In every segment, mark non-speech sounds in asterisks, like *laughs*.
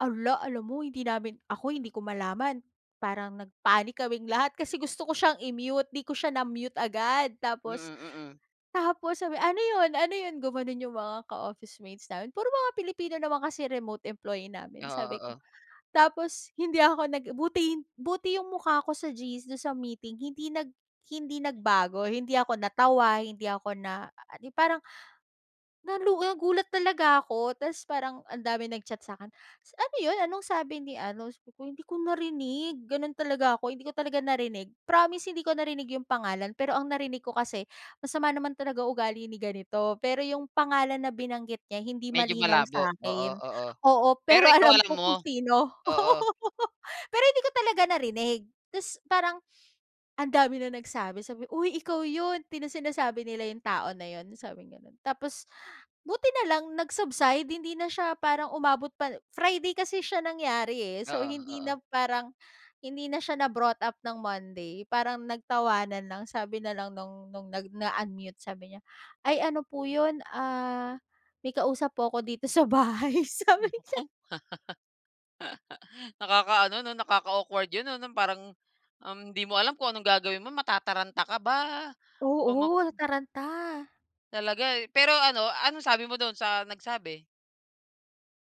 Ala, alam mo hindi namin ako hindi ko malaman, parang nag-panic kaming lahat. Kasi gusto ko siyang i-mute, 'di ko siya na-mute agad. Mm Tapos mm. tapos sabi, "Ano 'yon? Ano 'yon?" gumanon 'yong mga ka-office-mates namin. Puro mga Pilipino naman kasi remote employee Oo namin. Sabi ko oo. tapos hindi ako nag buti buti 'yong mukha ko sa GC, do'n sa meeting hindi nag hindi nagbago, hindi ako natawa, hindi ako na *unintelligible* parang *gasps* na lu a gulat talaga ako. Tapos parang ang daming nag-chat sa'kin, s "Ano 'yon, anong sabi ni ano?" Sabi ko, "Hindi ko narinig. Gano'n talaga ako, hindi ko talaga narinig, promise hindi ko narinig 'yong pangalan pero ang narinig ko kasi. Masama naman talaga ugali ni ganito pero 'yong pangalan na binanggit niya hindi Medyo malinaw malabo. Oo sa'kin." oo. Oo, Pero pero ikaw alam alam ko mo? kung sino. Oo. *laughs* Pero hindi ko talaga narinig. Tapos parang ang dami ng nagsabi, sabi, "Uy, ikaw 'yon." Pina sinasabi nila 'yong tao na 'yon." Sabing gano'n. Tapos, *gasps* buti na lang nag-subside hindi na siya parang umabot pa Friday kasi siya nangyari, eh. So, Oo hindi oo. na parang hindi na siya na brought up ng Monday. Parang nagtawanan lang sabi na lang no'ng no'ng nag-unmute, sabi niya, "Ay, ano po 'yon, ah, may kausap po ako dito sa bahay," sabi niya. *laughs* Nakakaano 'no, nakaka-awkward 'yon, 'no, no'ng parang, um, hindi mo alam kung anong gagawin mo matataranta ka ba o ma Oo, nataranta. Talaga, eh, pero ano anong sabi mo do'n sa nagsabi?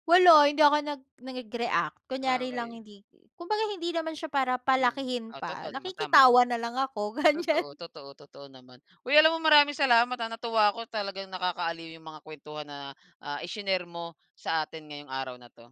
Wala, hindi ako nag nag-react. Ah, Kunyari lang okey. hindi kumbaga, hindi naman siya para Hmm. palakihin Ah, pa, totoo naman, tama. nakikitawa na lang ako, ganyan. Totoo totoo totoo naman. Uy, alam mo maraming salamat, ha, na natuwa ko talagang nakakaaliw 'yong mga kwentuhan na, ah, i-shinare mo sa atin ngayong araw na 'to.